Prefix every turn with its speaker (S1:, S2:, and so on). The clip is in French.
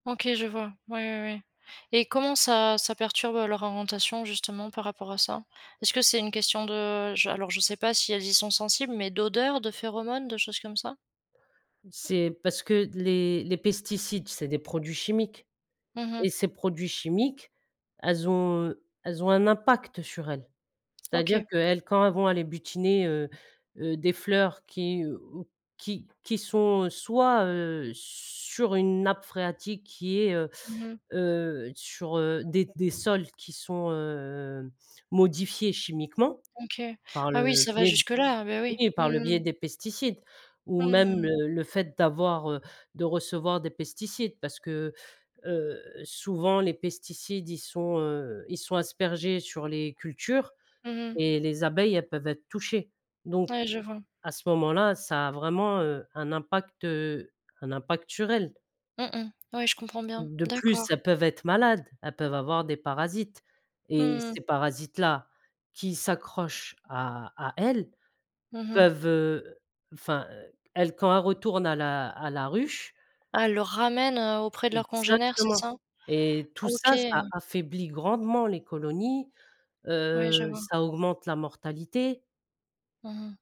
S1: OK, je vois, ouais, ouais, ouais, et comment ça ça perturbe leur orientation, justement, par rapport à ça? Est-ce que c'est une question de je alors, je sais pas si elles y sont sensibles, mais d'odeurs, de phéromones, de choses comme ça?
S2: C'est parce que d les les pesticides, c'est des produits chimiques,
S1: Mmh mh.
S2: et ces produits chimiques, elles ont elles ont un impact sur elles! C'est-à-dire
S1: OK.
S2: qu'elles quand elles vont aller butiner, heu heu, des fleurs qui, heu, ou qui qui sont, heu, soit, heu, sur une nappe phréatique qui est, heu
S1: Mmh mh.
S2: heu, sur, heu, des des sols qui sont, heu, modifiés chimiquement,
S1: OK.
S2: par le
S1: Ah oui, ça va
S2: biais
S1: jusque-là, heu, beh, oui.
S2: oui, par le
S1: Mmh
S2: biais
S1: mh.
S2: des pesticides, ou même,
S1: Mmh.
S2: le le fait d'avoir, heu, de recevoir des pesticides. Parce que, heu, souvent, les pesticides, ils sont, heu, ils sont aspergés sur les cultures,
S1: Mmh mh.
S2: et les abeilles, elles peuvent être touchées, donc
S1: Ouais, je vois.
S2: à ce moment-là, ça a vraiment, heu, un impact, heu, un impact sur elles
S1: Mmh, mmh. Ouais, je comprends bien,
S2: de plus,
S1: d'accord.
S2: elles peuvent être malades, elles peuvent avoir des parasites, et
S1: Mmh.
S2: ces parasites là qui s'accrochent à à elles
S1: Mmh mh.
S2: peuvent, heu, enfin, elles quand elles retournent à la à la ruche
S1: Elles le ramènent, heu, auprès de leurs congénères, c'est
S2: Exactement,
S1: ça?
S2: et tout
S1: OK!
S2: ça, ça affaiblit grandement les colonies,
S1: Ouais, je
S2: heu,
S1: vois.
S2: ça augmente la mortalité.
S1: Mmh mh.